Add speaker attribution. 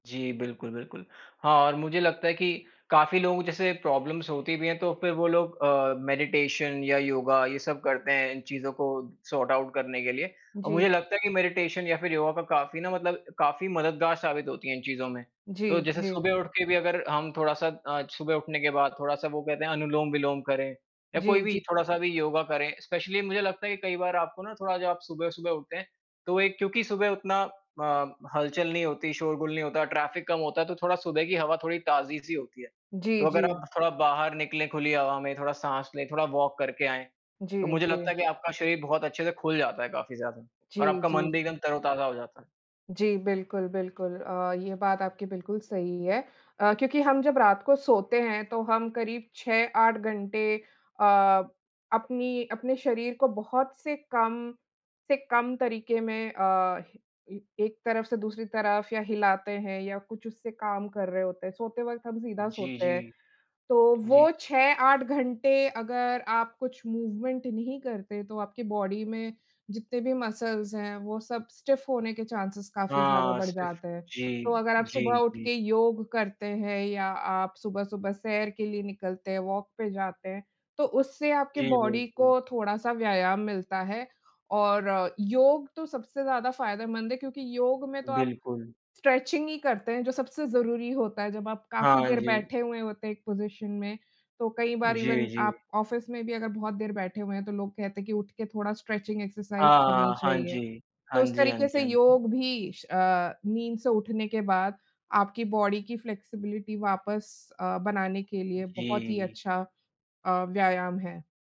Speaker 1: जी। बिल्कुल, बिल्कुल। हाँ, और मुझे लगता है कि काफ़ी लोगों जैसे प्रॉब्लम्स होती भी हैं तो फिर वो लोग अ, मेडिटेशन या योगा, ये सब करते हैं इन चीज़ों को सॉर्ट आउट करने के लिए। और
Speaker 2: जी।
Speaker 1: मुझे लगता है कि मेडिटेशन या फिर योगा का काफ़ी न मतलब काफ़ी मददगार साबित होती हैं इन चीज़ में। तो
Speaker 2: जी,
Speaker 1: जैसे
Speaker 2: जी।
Speaker 1: सुबह उठ के भी अगर हम थोड़ा-सा अ, सुबह उठने के बाद थोड़ा-सा वो कहते हैं अनुलोम-विलोम करें या कोई
Speaker 2: जी,
Speaker 1: भी
Speaker 2: जी।
Speaker 1: थोड़ा-सा भी योगा करें। स्पेशली मुझे लगता है कि कई बार आपको ना थोड़ा जब आप सुबह-सुबह उठते हैं तो एक क्योंकि सुबह उतना अ, हल-चल नहीं होती, शोरगुल नहीं होता, ट्रैफ़िक कम होता है तो थोड़ा सुबह की हवा थोड़ी ताज़ी-सी होती है।
Speaker 2: जी,
Speaker 1: तो अगर
Speaker 2: जी।
Speaker 1: आप थोड़ा बाहर निकले खुली हवा में, थोड़ा साँस लें, थोड़ा वॉक करके आएँ,
Speaker 2: जी,
Speaker 1: तो मुझे
Speaker 2: जी।
Speaker 1: लगता है कि आपका शरीर बहुत अच्छे से खुल जाता है काफ़ी ज़्यादा और
Speaker 2: जी,
Speaker 1: आपका
Speaker 2: जी,
Speaker 1: मन भी
Speaker 2: जी।
Speaker 1: एकदम तरोताज़ा हो जाता है।
Speaker 2: जी, बिल्कुल, बिल्कुल। अ, ये बात आपकी बिल्कुल सही है अ, क्योंकि हम जब रात को सोते हैं तो हम करीब 6-8 घंटे अ, अपनी अपने शरीर को बहुत से कम से कम तरीके में अ, ए ए एक तरफ़ से दूसरी तरफ़ या हिलाते हैं या कुछ उससे काम कर रहे होते हैं, सोते वक़्त हम सीधा
Speaker 1: जी,
Speaker 2: सोते हैं।
Speaker 1: जी।
Speaker 2: तो
Speaker 1: जी।
Speaker 2: वो 6-8 घंटे अगर आप कुछ मूवमेंट नहीं करते तो आपकी बॉडी में जितने भी मसल्स हैं वो सब स्टिफ होने के चांसेज़ काफ़ी ज़्यादा
Speaker 1: हाँ,
Speaker 2: बढ़
Speaker 1: सिर्फ़
Speaker 2: जाते हैं।
Speaker 1: जी,
Speaker 2: तो अगर आप सुबह
Speaker 1: जी,
Speaker 2: उठ
Speaker 1: जी।
Speaker 2: के योग करते हैं या आप सुबह-सुबह सैर के लिए निकलते हैं, वॉक पे जाते हैं, तो उससे आपकी
Speaker 1: जी
Speaker 2: बॉडी
Speaker 1: बिल्कुल।
Speaker 2: को थोड़ा-सा व्यायाम मिलता है। और योग तो सबसे ज़्यादा फ़ायदेमंद है क्योंकि योग में तो आप
Speaker 1: बिल्कुल।
Speaker 2: स्ट्रेचिंग ही करते हैं जो सबसे ज़रूरी होता है, जब आप काफ़ी
Speaker 1: हाँ
Speaker 2: देर
Speaker 1: जी।
Speaker 2: बैठे हुए होते हैं एक पोज़िशन में। तो कई बार
Speaker 1: जी,
Speaker 2: इवेन आप
Speaker 1: जी।
Speaker 2: ऑफ़िस में भी अगर बहुत देर बैठे हुए हैं तो लोग कहते हैं कि उठ के थोड़ा स्ट्रेचिंग एक्सरसाइज़
Speaker 1: हाँ,
Speaker 2: करनी
Speaker 1: हाँ। हाँ
Speaker 2: चाहिए।
Speaker 1: जी।
Speaker 2: तो
Speaker 1: हाँ
Speaker 2: उस
Speaker 1: जी, हाँ
Speaker 2: तरीके
Speaker 1: जी,
Speaker 2: से
Speaker 1: हाँ जी।
Speaker 2: योग भी श अ, नींद से उठने के बाद आपकी बॉडी की फ्लेक्सिबिलिटी वापस अ, बनाने के लिए बहुत ही
Speaker 1: जी।
Speaker 2: अच्छा अ, व्यायाम है।